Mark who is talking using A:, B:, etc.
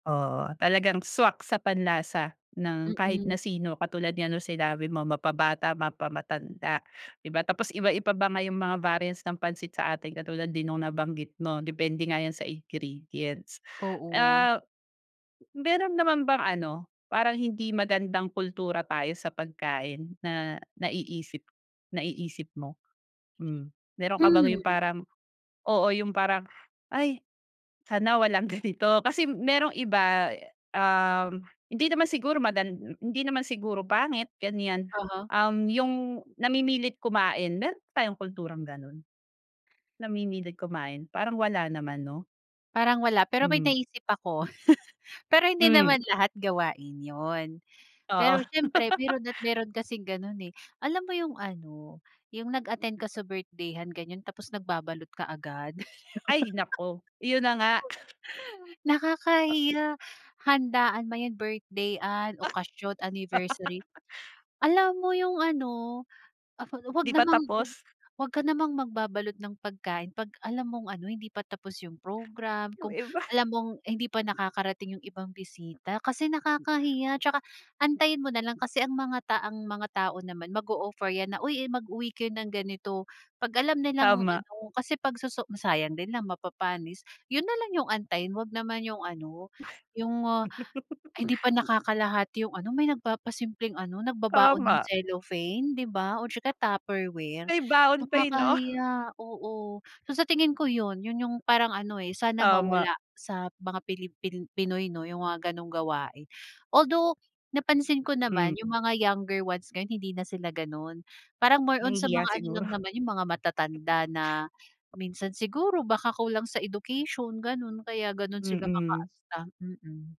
A: Oo. Talagang swak sa panlasa ng kahit
B: Mm.
A: na sino katulad nga ng sinabi mo mapa-bata, mapa-matanda di ba, tapos iba-iba pa nga 'yung mga variants ng pansit sa atin katulad din nung nabanggit mo depende nga 'yan sa ingredients.
B: Oo.
A: Ah, meron naman bang ano, parang hindi magandang kultura tayo sa pagkain na naiisip naiisip mo? Hmm, meron ka bang 'yung
B: Hmm.
A: parang, oo, 'yung parang, "ay sana walang ganito," kasi merong iba, um, hindi naman siguro madan m hindi naman siguro pangit ganiyan,
B: Aha.
A: um, 'yung namimilit kumain, meron ba tayong kulturang gano'n? Namimilit kumain, parang wala naman, 'no?
B: Parang wala, pero may
A: Mm.
B: naisip ako. Pero hindi
A: Hmm.
B: naman lahat gawain 'yun, pero
A: Oo.
B: siyempre meron at meron kasing gano'n, eh. Alam mo 'yung ano 'yung nag-attend ka sa birthday-han ganyon tapos nagbabalot kaagad.
A: Ay naku, 'yun na nga. Oh.
B: Nakakahiya, handaan man 'yan, birthday-han,
A: Ah.
B: okasyon, anniversary, alam mo 'yung ano, af ah, 'wag
A: Di pa
B: namang,
A: tapos?
B: 'wag ka namang magbabalot ng pagkain 'pag alam mong ano, hindi pa tapos 'yung program,
A: Yung
B: kung
A: iba.
B: alam mong hindi pa nakakarating 'yung ibang bisita, kasi nakakahiya, tsaka antayin mo nalang kasi ang mga ta mga tao naman mag-o-offer 'yan na, "uy, mag-uwi kayo ng ganito," Pag alam nilang
A: Tama.
B: ano, kasi pag soso sayang din lang mapapanis, 'yun nalang 'yung antayin, 'wag naman 'yung ano, 'yung ah, ay hindi pa nakakalahati 'yung ano, may nagpapasimpleng ano nagbabaon ng
A: Tama.
B: cellophane di ba o tsaka Tupperware,
A: May baon pa, eh, 'no?
B: nakakahiya, oo. So sa tingin ko 'yun, 'yun 'yung parang ano eh, sana
A: Tama.
B: mawala sa mga Pilipin Pinoy 'no, 'yung mga gano'ng gawain. Although napansin ko
A: Hmm.
B: naman 'yung mga younger ones ngayon, hindi na sila gano'n, parang more on sa
A: Nahihiya
B: mga ano
A: siguro.
B: lang naman 'yung mga matatanda na minsan siguro baka kulang sa education gano'n kaya gano'n sila
A: Mm.
B: makaasta, mm.